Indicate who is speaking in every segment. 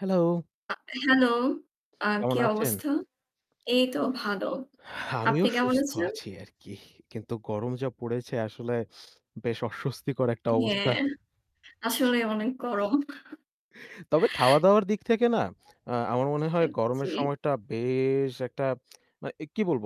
Speaker 1: Hello.
Speaker 2: আ hello, আ কি
Speaker 1: কেমন আছেন?
Speaker 2: অবস্থা? এইতো ভালো। আপনি
Speaker 1: আমিও
Speaker 2: কেমন
Speaker 1: সুস্থ
Speaker 2: আছেন?
Speaker 1: আছি আরকি। কিন্তু গরম যা পড়েছে আসলে বেশ অস্বস্তিকর একটা অবস্থা।
Speaker 2: হ্যাঁ। আসলে অনেক গরম।
Speaker 1: তবে খাওয়া দাওয়ার দিক থেকে না আ আমার মনে
Speaker 2: আ
Speaker 1: হয় গরমের
Speaker 2: জি।
Speaker 1: সময়টা বেশ একটা মানে এ কি বলব?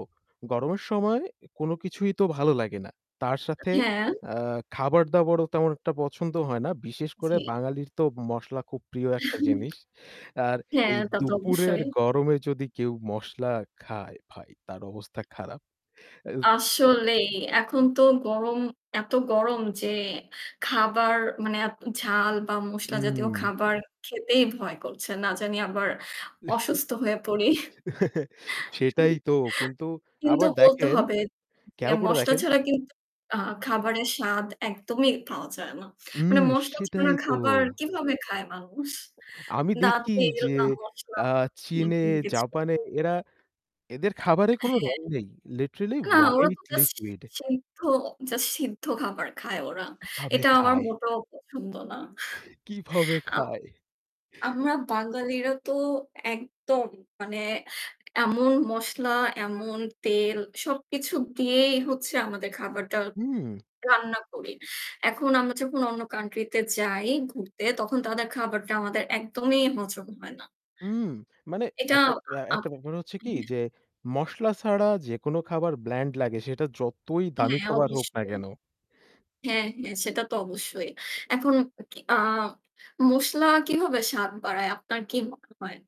Speaker 1: গরমের সময় কোন কিছুই তো ভালো লাগে না। তার সাথে
Speaker 2: হ্যাঁ।
Speaker 1: আ খাবার দাবারও তেমন একটা পছন্দ হয় না। বিশেষ করে
Speaker 2: জী।
Speaker 1: বাঙালির তো মসলা খুব প্রিয় একটা জিনিস। আর
Speaker 2: হ্যাঁ
Speaker 1: এই
Speaker 2: তা তো
Speaker 1: দুপুরের
Speaker 2: অবশ্যই।
Speaker 1: গরমে যদি কেউ মসলা খায় ভাই তার অবস্থা খারাপ। [unintelligible]
Speaker 2: আসলেই এখন তো গরম এত গরম যে খাবার মানে আপ ঝাল বা মসলা জাতীয়
Speaker 1: হুম।
Speaker 2: খাবার খেতেই ভয় করছে। না জানি আবার অসুস্থ হয়ে পড়ি।
Speaker 1: সেটাই তো। কিন্তু
Speaker 2: কিন্তু
Speaker 1: আবার
Speaker 2: বলতে
Speaker 1: দেখেন
Speaker 2: হবে যে
Speaker 1: খেয়াল করে
Speaker 2: মসলা
Speaker 1: দেখেন।
Speaker 2: ছাড়া কিন্তু আ খাবারের স্বাদ একদমই পাওয়া যায় না। মানে
Speaker 1: হুম
Speaker 2: মসলা ছাড়া
Speaker 1: সেটাই তো।
Speaker 2: খাবার কিভাবে খায় মানুষ?
Speaker 1: আমি
Speaker 2: না
Speaker 1: দেখি
Speaker 2: তেল,
Speaker 1: যে
Speaker 2: না মশলা
Speaker 1: আ
Speaker 2: না
Speaker 1: চীনে,
Speaker 2: কোনো কিছু।
Speaker 1: জাপানে এরা এদের খাবার কোনো
Speaker 2: হ্যাঁ।
Speaker 1: রং নেই, লিটারেলি
Speaker 2: না ওরা তো
Speaker 1: হোয়াইট
Speaker 2: জাস্ট
Speaker 1: লিকুইড।
Speaker 2: সিদ্ধ জাস্ট সিদ্ধ খাবার খায় ওরা।
Speaker 1: কিভাবে
Speaker 2: এটা আমার
Speaker 1: খায়!
Speaker 2: মোটেও পছন্দ না।
Speaker 1: কিভাবে
Speaker 2: আম
Speaker 1: খায়!
Speaker 2: আমরা বাঙালিরা তো একদম মানে এমন মসলা, এমন তেল সবকিছু দিয়েই হচ্ছে আমাদের খাবারটা
Speaker 1: হুম।
Speaker 2: রান্না করি। এখন আমরা যখন অন্য কান্ট্রি তে যাই ঘুরতে তখন তাদের খাবারটা আমাদের একদমই হজম হয় না।
Speaker 1: হুম মানে
Speaker 2: এটা
Speaker 1: একটা এ
Speaker 2: আপ
Speaker 1: একটা ব্যা ব্যাপার হচ্ছে কি
Speaker 2: [unintelligible]
Speaker 1: যে মসলা ছাড়া যেকোনো খাবার ব্ল্যান্ড লাগে সেটা যতই দামি
Speaker 2: হ্যাঁ
Speaker 1: খাবার হোক না
Speaker 2: অবশ্যই।
Speaker 1: কেন।
Speaker 2: হ্যাঁ, হ্যাঁ সেটা তো অবশ্যই। এখন কি আ মশলা কীভাবে স্বাদ বাড়ায়? আপনার কি মনে হয়?